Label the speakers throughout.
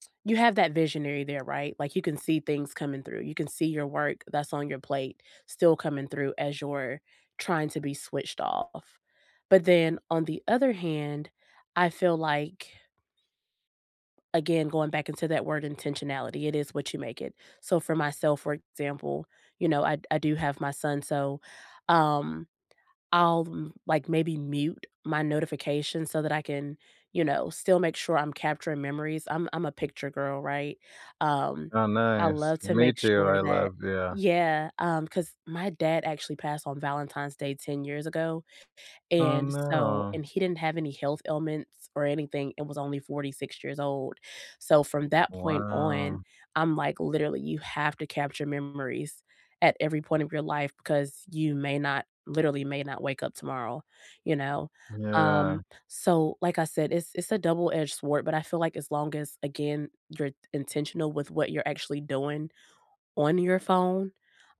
Speaker 1: T You have that visionary there, right, like you can see things coming through, you can see your work that's on your plate still coming through as you're trying to be switched off, but then on the other hand, I feel like again, going back into that word "intentionality," it is what you make it, so, for myself, for example, you know, I d I do have my son, so, um, I'll m like maybe mute my notification so that I can, you know, still make sure I'm capturing memories, I'm I'm a picture girl, right, um,
Speaker 2: Oh,
Speaker 1: I
Speaker 2: nice,
Speaker 1: love to
Speaker 2: me
Speaker 1: make
Speaker 2: too,
Speaker 1: sure
Speaker 2: I
Speaker 1: that
Speaker 2: love yeah.
Speaker 1: Yeah, um, 'cause my dad actually passed on Valentine's Day 10 years ago,
Speaker 2: Oh,
Speaker 1: and, so
Speaker 2: no.
Speaker 1: and he didn't have any health ailments or anything, it was only 46 years old, so from that point on,
Speaker 2: Wow.
Speaker 1: I'm like, literally, you have to capture memories at every point of your life, 'cause you may not literally may not wake up tomorrow, you know,
Speaker 2: Yeah.
Speaker 1: um, so like I said, it's it's a double edged sword, but I feel like as long as, again, you're t intentional with what you're actually doing on your phone,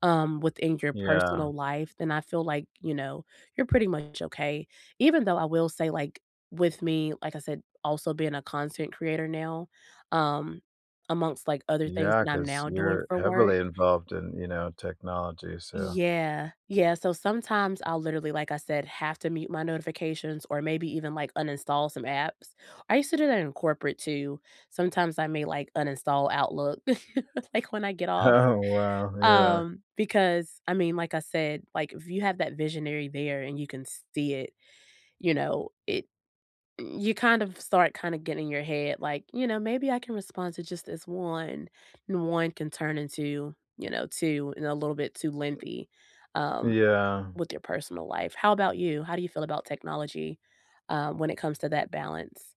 Speaker 1: um, within your
Speaker 2: Yeah.
Speaker 1: personal life, then I feel like, you know, you're pretty much okay. Even though I will say, like, with me, like I said, also being a content creator now, um, amongst, like, other things
Speaker 2: Yeah,
Speaker 1: that I'm
Speaker 2: 'cause
Speaker 1: now doing
Speaker 2: you're
Speaker 1: for work.
Speaker 2: heavily involved in, you know, technology, so
Speaker 1: Yeah, yeah, so sometimes I'll literally, like I said, have to mute my notifications or maybe even, like, uninstall some apps. I used to do that in corporate too, sometimes I may, like, uninstall Outlook, like when I get off,
Speaker 2: Oh, wow, yeah.
Speaker 1: um, because I mean, like I said, like, if you have that visionary there and you can s see it, you know, it mm, you kind of start kinda getting your head like, "You know, maybe I can respond to just this 1," and 1 can turn into, you know, 2 and a little bit too lengthy, um,
Speaker 2: Yeah.
Speaker 1: with your personal life. How about you? How do you feel about technology, um, when it comes to that balance?